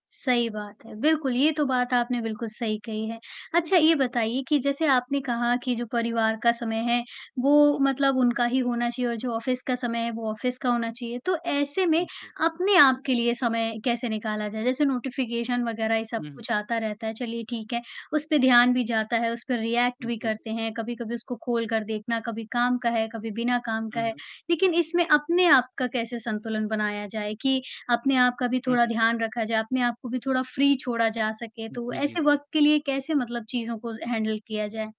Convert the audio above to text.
सही बात है, बिल्कुल ये तो बात आपने बिल्कुल सही कही है। जी। अच्छा, ये बताइए कि जैसे आपने कहा कि जो परिवार का समय है, वो मतलब उनका ही होना चाहिए और जो ऑफ़िस का समय है, वो ऑफ़िस का होना चाहिए। तो ऐसे में उ, जी। अपने आप के लिए समय कैसे निकाला जाए? जैसे नोटिफ़िकेशन वग़ैरह ये सब हुँ, हुँ। कुछ आता रहता है, चलिए ठीक है, उस पे ध्यान भी जाता है, उस पे रिएक्ट उम, भी जी, जी। करते हैं, कभी-कभी उसको खोल कर देखना, कभी काम का है, कभी बिना काम हुँ, का है। हुँ। लेकिन इसमें अपने आप का कैसे संतुलन बनाया जाए, कि अपने आप का भी हुँ, थोड़ा हुँ। ध्यान रखा जाए, अपने आप को भी थोड़ा फ्री छोड़ा जा सके। उ, तो जी, जी, ऐसे जी। वक़्त के लिए कैसे मतलब चीज़ों को ज हैंडल किया जाए?